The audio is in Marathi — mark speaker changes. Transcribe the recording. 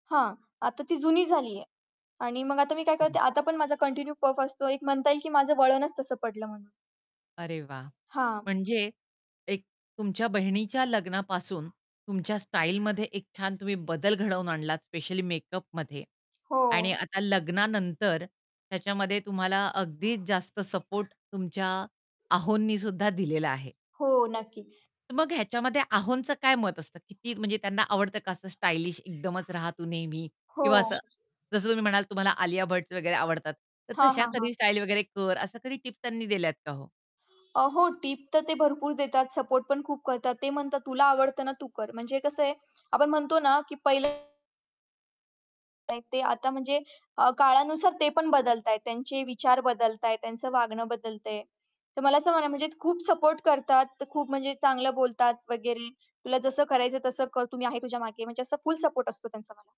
Speaker 1: हां. आता ती जुनी झालीये. आणि मग आता मी काय करते
Speaker 2: बरोबर.
Speaker 1: आता पण माझा कंटिन्यू पफ असतो. एक म्हणता येईल, की माझं वळणच तसं पडलं म्हणून.
Speaker 2: अरे वाह!
Speaker 1: हां.
Speaker 2: म्हणजे एक तुमच्या बहिणीच्या लग्नापासून तुमच्या स्टाईलमध्ये एक छान तुम्ही बदल घडवून आणलात, स्पेशली मेकअपमध्ये
Speaker 1: हो.
Speaker 2: आणि आता लग्नानंतर त्याच्यामध्ये तुम्हाला अगदीच जास्त सपोर्ट तुमच्या आहोंनी सुद्धा दिलेला आहे.
Speaker 1: हो, नक्कीच.
Speaker 2: तर मग ह्याच्यामध्ये आहोंचं काय मत असतं? किती म्हणजे त्यांना आवडतं का असं स्टायलिश एकदमच रहा तू नेहमी
Speaker 1: हो.
Speaker 2: किंवा असं जसं तुम्ही म्हणालात तुम्हाला आलिया भट्टचे वगैरे आवडतात. तर,
Speaker 1: हां,
Speaker 2: "तशा
Speaker 1: हां,
Speaker 2: कधी
Speaker 1: हां.
Speaker 2: स्टाईल वगैरे कर" असं कधी टिप्स त्यांनी दिल्यात का हो?
Speaker 1: अ, हो टिप तर ते भरपूर देतात, सपोर्ट पण खूप करतात. ते म्हणतात, "तुला आवडतं ना तू कर." म्हणजे कसं आहे आपण म्हणतो ना की पहिलं नाही ते आता म्हणजे अ, काळानुसार ते पण बदलतायत, त्यांचे विचार बदलतायत, त्यांचं वागणं बदलतं आहे. तर मला असं म्हणाय म्हणजे खूप सपोर्ट करतात. ते खूप म्हणजे चांगलं बोलतात वगैरे, तुला जसं करायचंय तसं कर, तु मी आहे तुझ्या मागे म्हणजे असं फुल सपोर्ट असतो त्यांचा मला.